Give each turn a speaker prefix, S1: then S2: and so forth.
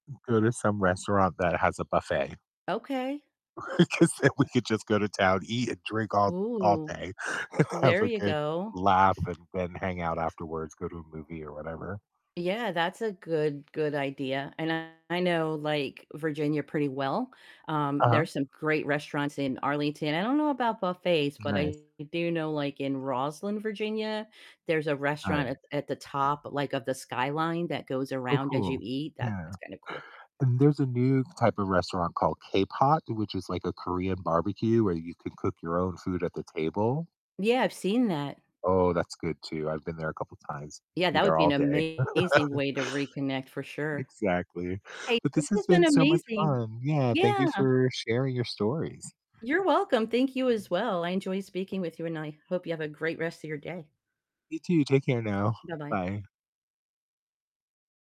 S1: Go to some restaurant that has a buffet.
S2: Okay.
S1: Because then we could just go to town, eat and drink all all
S2: Ooh.
S1: day, and have
S2: There
S1: a
S2: you
S1: good
S2: go.
S1: laugh and then hang out afterwards, go to a movie or whatever.
S2: Yeah, that's a good good idea, and I know, like, Virginia pretty well, um,
S1: Uh-huh.
S2: there's some great restaurants in Arlington, I don't know about buffets, but I
S1: Nice.
S2: do know, like, in Rosslyn, Virginia, there's a restaurant at
S1: Nice.
S2: at the top, like, of the skyline that goes
S1: Oh,
S2: around as you
S1: cool,
S2: eat,
S1: yeah,
S2: that's kinda cool.
S1: and there's a new type of restaurant called KPOT, which is like a Korean barbecue where you can cook your own food at the table.
S2: Yeah, I've seen that.
S1: Oh, that's good too, I've been there a couple times,
S2: Yeah,
S1: be
S2: that would
S1: there
S2: be an
S1: all day.
S2: amazing way to reconnect, for sure.
S1: Exactly,
S2: Hey,
S1: but
S2: this
S1: this has
S2: has been
S1: been so much
S2: amazing.
S1: fun, yeah, thank
S2: Yeah.
S1: you for sharing your stories.
S2: You're welcome, thank you as well, I enjoyed speaking with you, and I hope you have a great rest of your day.
S1: You too, take care now,
S2: Bye-bye.
S1: bye.